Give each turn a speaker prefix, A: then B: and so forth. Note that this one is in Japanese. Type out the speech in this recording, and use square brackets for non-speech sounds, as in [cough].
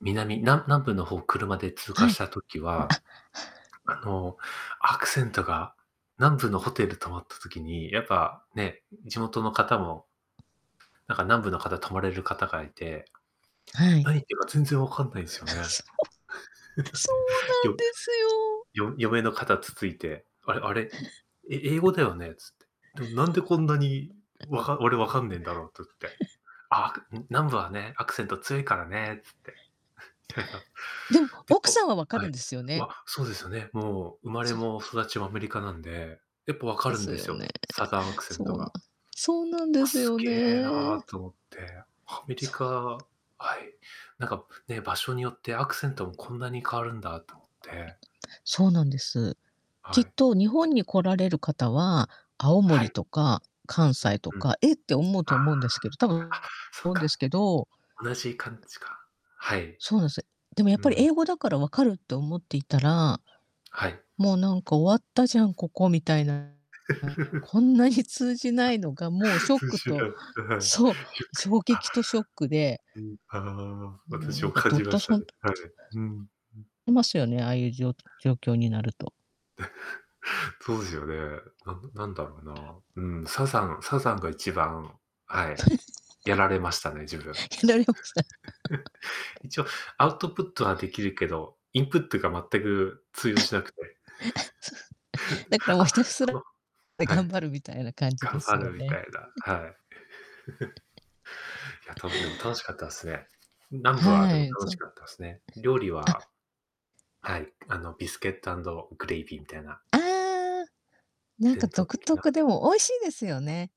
A: 南な南部の方、車で通過
B: は
A: し
B: い。
A: た時
B: あ
A: は、あの、アクセントが南部のホテル泊まった時に、やっぱね、んん、地元の方もなんか南部の方泊まれる方がいて、
B: はい。
A: 何言ってるか全然分かんないんっすよね。
B: [chuckles] そう。そう
A: [chuckles]
B: な
A: で、
B: ん
A: よ
B: ですよ。
A: よ嫁の肩つついて、「あれあれ、ん、え英語だよね」つ
B: [chuckles]
A: って。「でもなんでこんなにわか俺分かんないかんねえんだろう」って言って。「ああ、くん、南部はね、ア
B: [chuckles]
A: クセント強いからね」つって。[chuckles]
B: でも、
A: [unintelligible] で、
B: 奥さ
A: ほ
B: んは分か
A: は
B: る
A: い。
B: んですよ
A: う
B: ね。
A: わ、そうですよね、もう生まれ
B: そう。
A: も育ちもアメリカなんで、やっぱ分か
B: で
A: るん
B: す
A: で
B: よ
A: すよ、
B: ね。
A: すサザンアクセン
B: そう
A: ト
B: なん
A: が。
B: そうなんで
A: 「あ、
B: す
A: す
B: よ
A: げえ
B: ね。
A: な」と思って。アメリ
B: そ
A: カ
B: う。
A: はい、なんか、ね、場所によってアクセントもこんなに変わるんだと思って。
B: そうなんです。き
A: は
B: っ
A: い。
B: と日本に来られる方は、青
A: は
B: 森
A: い。
B: とか関
A: う
B: 西
A: ん
B: と
A: うん。
B: か、「えっ」て思う
A: ああ。
B: と
A: あ、
B: 思うんですけどたぶん
A: そう
B: 思うんです
A: か。
B: けど
A: 同じ感じか。はい。
B: そうなんす、え、でも、やっ
A: う
B: ぱり、
A: ん。
B: 「英語だから分かる」と思っていったら、
A: はい。
B: 「もうなんか終わったじゃんここ」みたいな。な
A: [chuckles]
B: こんなに通じないのが
A: [chuckles]
B: もうシ
A: [unintelligible]
B: ョックと
A: はい、しゅ
B: そう、
A: く、
B: 衝
A: あ、
B: 撃とショックで
A: うん、ああ、
B: ん、もう
A: 私
B: な
A: も
B: んか
A: 感
B: どっ
A: じま
B: と
A: した
B: そ
A: ね、
B: んとっ
A: はい。
B: き
A: ふん。う
B: いますよね、ああいうじょう状況になると。
A: [chuckles] そうですよね。なんなんだろうな。うん、サザンサザンが一番はい、やられましたね、自分。
B: [chuckles] ひないおくさん [chuckles]
A: [chuckles] 一応アウトプットはできるけど、インプットが全く通
B: [chuckles] つふ
A: 用しなくて。
B: [chuckles] だから
A: [chuckles]
B: もうひ
A: あ、
B: たす
A: く
B: ら、
A: わ
B: え、
A: は
B: 頑
A: い。
B: 張るみたいな感じ
A: 頑
B: で
A: 張
B: すよ
A: るみ
B: ね。
A: たいな、
B: え。
A: はい。[chuckles] いや、
B: [chuckles]
A: 多分でも楽しかったっすね。ん、南部は
B: は
A: でも
B: い。
A: 楽
B: そ
A: し
B: う。
A: かったっすね。料理は
B: あ
A: はい、あの、ビスケットアンドグレイビーみたいな
B: ああ、なんか
A: 伝統
B: 独
A: 的
B: 特、
A: な
B: でも美味しいですよね。